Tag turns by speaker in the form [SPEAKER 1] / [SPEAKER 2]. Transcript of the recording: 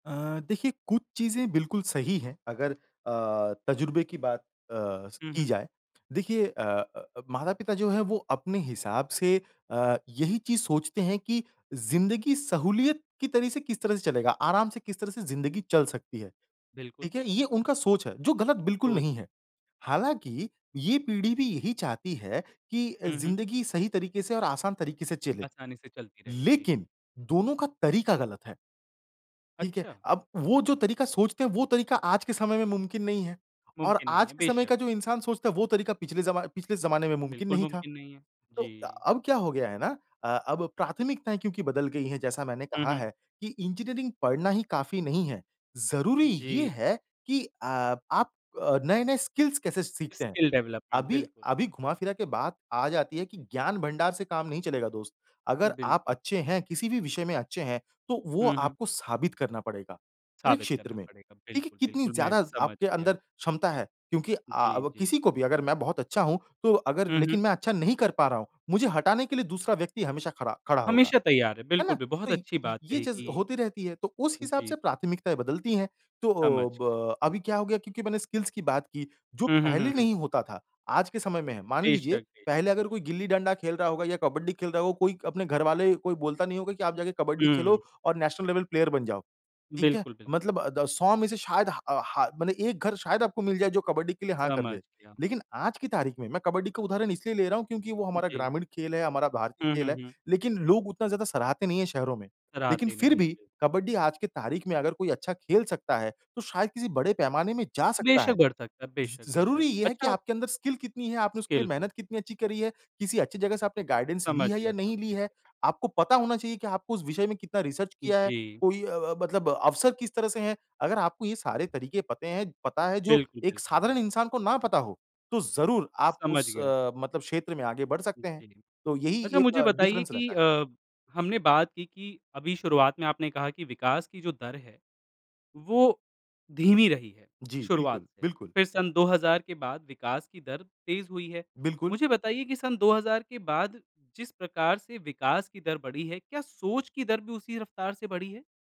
[SPEAKER 1] अ, देखिए कुछ चीज़ें बिल्कुल सही है अगर अ, तजुर्बे की बात अ, स
[SPEAKER 2] हुँ,
[SPEAKER 1] की
[SPEAKER 2] हुँ।
[SPEAKER 1] जाए। देखिए अ अ, माता-पिता जो है, वो अपने हिसाब से अ, यही चीज़ सोचते है कि ज़िंदगी सहूलियत की तरह से किस तरह से चलेगा, आराम से किस तरह से ज़िंदगी चल सकती है।
[SPEAKER 2] बिल्कुल।
[SPEAKER 1] ठीक है ये उनका सोच है, जो ग़लत बिल्कुल
[SPEAKER 2] सोच।
[SPEAKER 1] नहीं है, हालाँकि ये पीढ़ी भी यही चाहती है कि
[SPEAKER 2] हुँ, हुँ।
[SPEAKER 1] ज़िंदगी सही तरीके से और आसान तरीके से चले,
[SPEAKER 2] आसानी से चलती रहे, जी।
[SPEAKER 1] लेकिन दोनों का तरीका ग़लत है। ठीक है?
[SPEAKER 2] अच्छा।
[SPEAKER 1] अब वो जो तरीका सोचते हैं वो तरीका आज के समय में मुमकिन नहीं है और
[SPEAKER 2] मुमकिन नहीं
[SPEAKER 1] आज
[SPEAKER 2] है,
[SPEAKER 1] के समय
[SPEAKER 2] बेशक।
[SPEAKER 1] का जो इंसान सोचता है वो तरीका पिछले ज़मा पिछले ज़माने में मुमकिन
[SPEAKER 2] बिल्कुल
[SPEAKER 1] नहीं था।
[SPEAKER 2] मुमकिन नहीं है।
[SPEAKER 1] तो
[SPEAKER 2] जी।
[SPEAKER 1] अब क्या हो गया है ना अ, अब प्राथमिकताएँ क्योंकि बदल गई हैं, जैसा मैंने
[SPEAKER 2] हुँ,
[SPEAKER 1] कहा
[SPEAKER 2] हुँ।
[SPEAKER 1] है कि इंजीनियरिंग पढ़ना ही काफ़ी नहीं है। ज़रूरी ये
[SPEAKER 2] जी।
[SPEAKER 1] है कि अ, आप नए-नए स्किल्स कैसे सीखते हैं।
[SPEAKER 2] स्किल डेवलपमेंट
[SPEAKER 1] अभी
[SPEAKER 2] बिल्कुल।
[SPEAKER 1] अभी, घुमा फिरा के बात आ जाती है कि ज्ञान भंडार से काम नहीं चलेगा दोस्त। अगर आप
[SPEAKER 2] बिल्कुल।
[SPEAKER 1] अच्छे हैं किसी भी विषय में अच्छे हैं, तो वो
[SPEAKER 2] हुँ, हुँ।
[SPEAKER 1] आपको साबित करना पड़ेगा। हर एक
[SPEAKER 2] साबित
[SPEAKER 1] क्षेत्र
[SPEAKER 2] करना
[SPEAKER 1] में,
[SPEAKER 2] पड़ेगा।
[SPEAKER 1] देखिए
[SPEAKER 2] बिल्कुल,
[SPEAKER 1] कितनी
[SPEAKER 2] बिल्कुल मैं
[SPEAKER 1] ज़्यादा
[SPEAKER 2] समझ
[SPEAKER 1] आपके
[SPEAKER 2] गया।
[SPEAKER 1] अंदर क्षमता है क्योंकि अ
[SPEAKER 2] जी,
[SPEAKER 1] अ,
[SPEAKER 2] जी।
[SPEAKER 1] किसी को भी अगर मैं बहुत अच्छा हूँ, तो अगर
[SPEAKER 2] हुँ,
[SPEAKER 1] लेकिन
[SPEAKER 2] हुँ।
[SPEAKER 1] मैं अच्छा नहीं कर पा रहा हूँ। मुझे हटाने के लिए दूसरा व्यक्ति हमेशा खरा खड़ा होगा।
[SPEAKER 2] हमेशा तैयार है,
[SPEAKER 1] है ना?
[SPEAKER 2] बिल्कुल बि
[SPEAKER 1] तो
[SPEAKER 2] बहुत
[SPEAKER 1] य
[SPEAKER 2] अच्छी बात
[SPEAKER 1] ये
[SPEAKER 2] कही
[SPEAKER 1] चीज़
[SPEAKER 2] कि
[SPEAKER 1] होती रहती है, तो उस हिसाब
[SPEAKER 2] जी,
[SPEAKER 1] से
[SPEAKER 2] जी।
[SPEAKER 1] प्राथमिकताएँ बदलती है। तो अ,
[SPEAKER 2] समझ गया।
[SPEAKER 1] ब अभी क्या हो गया क्योंकि मैंने स्किल्स की बात की जो
[SPEAKER 2] हुँ, हुँ,
[SPEAKER 1] पहले
[SPEAKER 2] हुँ, हुँ।
[SPEAKER 1] नहीं होता था आज के समय में है, मान लीजिए
[SPEAKER 2] बेशक़ बेशक़
[SPEAKER 1] पहले अगर
[SPEAKER 2] बेशक़।
[SPEAKER 1] कोई गिल्ली डंडा खेल रहा होगा या कबड्डी खेल रहा होगा कोई अपने घर वाले कोई बोलता नहीं होगा की आप जाके कबड्डी खेलो
[SPEAKER 2] हुँ।
[SPEAKER 1] और नेशनल लेवल प्लेयर बन जाओ। ठीक है?
[SPEAKER 2] बिल्कुल, बिल्कुल।
[SPEAKER 1] मतलब अ, द 100 में से शायद हा अ, ह मतलब एक घर शायद आपको मिल जाए जो कबड्डी के लिए हाँ कर
[SPEAKER 2] समझ
[SPEAKER 1] दे।
[SPEAKER 2] गया।
[SPEAKER 1] लेकिन आज की तारीख में मैं कबड्डी का उदाहरण इसलिए ले रहा हूँ क्योंकि वो हमारा
[SPEAKER 2] जी।
[SPEAKER 1] ग्रामीण खेल है, हमारा भारतीय
[SPEAKER 2] हुँ,
[SPEAKER 1] खेल
[SPEAKER 2] हुँ,
[SPEAKER 1] है,
[SPEAKER 2] हुँ।
[SPEAKER 1] लेकिन लोग उतना ज़्यादा सराहते नहीं है शहरों में। लेकिन
[SPEAKER 2] कराते
[SPEAKER 1] फिर
[SPEAKER 2] नहीं
[SPEAKER 1] भी
[SPEAKER 2] है।
[SPEAKER 1] कबड्डी आज की तारीख में अगर कोई अच्छा खेल सकता है, तो शायद किसी बड़े पैमाने में जा सकता
[SPEAKER 2] बेशक़
[SPEAKER 1] है।
[SPEAKER 2] बढ़ सकता है।
[SPEAKER 1] ज़
[SPEAKER 2] बेशक़, बेशक़,
[SPEAKER 1] ज़रूरी ये है कि
[SPEAKER 2] अच्छा।
[SPEAKER 1] आपके अंदर स्किल कितनी है? आपने उसके
[SPEAKER 2] स्किल
[SPEAKER 1] लिए
[SPEAKER 2] हो।
[SPEAKER 1] मेहनत कितनी अच्छी करी है, किसी अच्छी जगह से आपने गाइडेंस ली
[SPEAKER 2] समझ
[SPEAKER 1] है या
[SPEAKER 2] गया सम
[SPEAKER 1] नहीं ली है? आपको पता होना चाहिए कि आपको उस विषय में कितना रिसर्च किया है?
[SPEAKER 2] जी।
[SPEAKER 1] कोई अ अ, ब मतलब अवसर किस तरह से हैं, अगर आपको ये सारे तरीके पते हैं, पता है जो
[SPEAKER 2] बिल्कुल,
[SPEAKER 1] एक
[SPEAKER 2] बिल्कुल।
[SPEAKER 1] साधारण इंसान को ना पता हो, तो ज़रूर आप
[SPEAKER 2] समझ
[SPEAKER 1] उस
[SPEAKER 2] गया।
[SPEAKER 1] अ, मतलब क्षेत्र में आगे बढ़ सकते हैं।
[SPEAKER 2] जी।
[SPEAKER 1] तो यही
[SPEAKER 2] अच्छा
[SPEAKER 1] एक
[SPEAKER 2] मुझे बताइए
[SPEAKER 1] डिफ़रेंस
[SPEAKER 2] कि
[SPEAKER 1] रहता है।
[SPEAKER 2] अ, हमने बात की कि अभी शुरुआत में आपने कहा कि विकास की जो दर है, वो धीमी रही है
[SPEAKER 1] जी।
[SPEAKER 2] शुरुआत
[SPEAKER 1] बिल्कुल,
[SPEAKER 2] से,
[SPEAKER 1] बिल्कुल।
[SPEAKER 2] फिर सन 2000 के बाद विकास की दर तेज़ हुई है।
[SPEAKER 1] बिल्कुल।
[SPEAKER 2] मुझे बताइए की सन 2000 के बाद जिस प्रकार से विकास की दर बढ़ी है, क्या सोच की दर भी उसी रफ़्तार से बढ़ी है?